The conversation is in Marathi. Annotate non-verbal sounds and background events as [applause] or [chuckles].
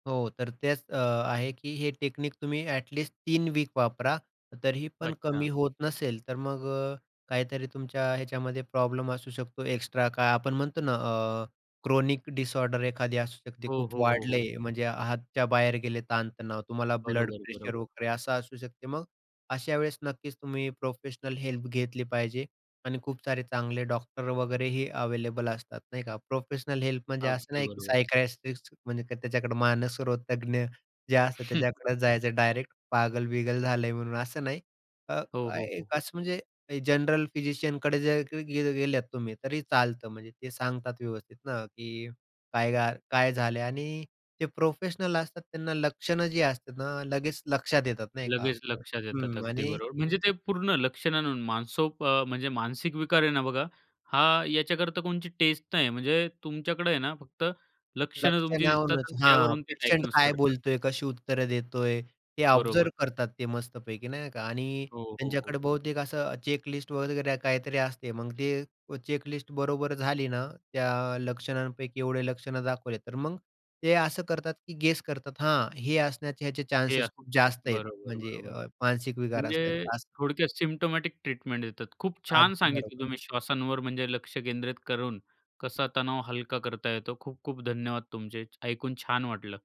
हो तर तेच अ, आहे की हे टेक्निक तुम्ही ॲट लिस्ट 3 वीक वापरा. तरी ही पण कमी अच्छा. होत नसेल तर मग अ, काहीतरी तुमच्या ह्याच्यामध्ये प्रॉब्लेम असू शकतो, एक्स्ट्रा काय आपण म्हणतो ना अ, क्रोनिक डिसऑर्डर एखादी असू शकते. हो, खूप हो, हो, वाढले हो. म्हणजे हाताच्या बाहेर गेले ताण-तणाव. तुम्हाला ब्लड बरोबर, प्रेशर बरोबर. वगैरे असं असू शकते. मग अशा वेळेस नक्कीच तुम्ही प्रोफेशनल हेल्प घेतली पाहिजे. आणि खूप सारे चांगले डॉक्टर वगैरेही अवेलेबल असतात, नाही का. प्रोफेशनल हेल्प म्हणजे असं अगदी नाही की बरोबर. सायकायट्रिस्ट म्हणजे त्य त्याच्याकडे मानसरोगतज्ञ जे असतात त्याच्याकडे [chuckles] जायचं डायरेक्ट पागल-बिगल झालंय म्हणून असं नाही. अ, हो, काय हो, हो, एक हो. असं म्हणजे जनरल फिजिशियन कडे जर की गेल गेलेत तुम्ही, तरी चालतं म्हणजे ते सांगतात व्यवस्थित ना की काय घाल काय झाले आणि ते प्रोफेशनल असतात त्यांना लक्षणं जी असतात ना लगेच लक्षात येतात, नाही का? लगेच लक्षात येतात. हं अगदी आणि बरोबर. म्हणजे ते पूर्ण लक्षणानं मानसोक अ, म्हणजे मानसिक विकार आहे ना बघा हा याच्याकरता कोणची टेस्ट नाही. म्हणजे तुमच्याकडे आहे ना फक्त लक्षणं तुमची दिसतात लक्षणांवरूनच, आणि हां. त्यावरून ते पेशंट डायग्नोज काय करतात. बोलतोय कशी उत्तरं देतोय. ते ऑब्झर्व्ह बरोबर. करतात ते मस्तपैकी, नाही का? आणि हो, हो, त्यांच्याकडे हो. बहुतेक असं चेक लिस्ट वगैरे काहीतरी असते. मग ते उ चेक लिस्ट बरोबर झाली ना त्या लक्षणांपैकी एवढे लक्षणं दाखवले, तर मग ते असं करतात की गेस करतात, हां हे असण्याचे याचे हे चान्सेस खूप जास्त आहेत बरोबर, म्हणजे बरोबर. मानसिक विकार म्हणजे असण्याचा असं. थोडक्यात सिम्प्टोमॅटिक ट्रीटमेंट देतात. खूप छान अगदी सांगितलं बरोबर. तुम्ही श्वासांवर म्हणजे लक्ष केंद्रित करून कसा तणाव हलका करता येतो. खूप-खूप धन्यवाद तुमचे. च ऐकून छान वाटलं.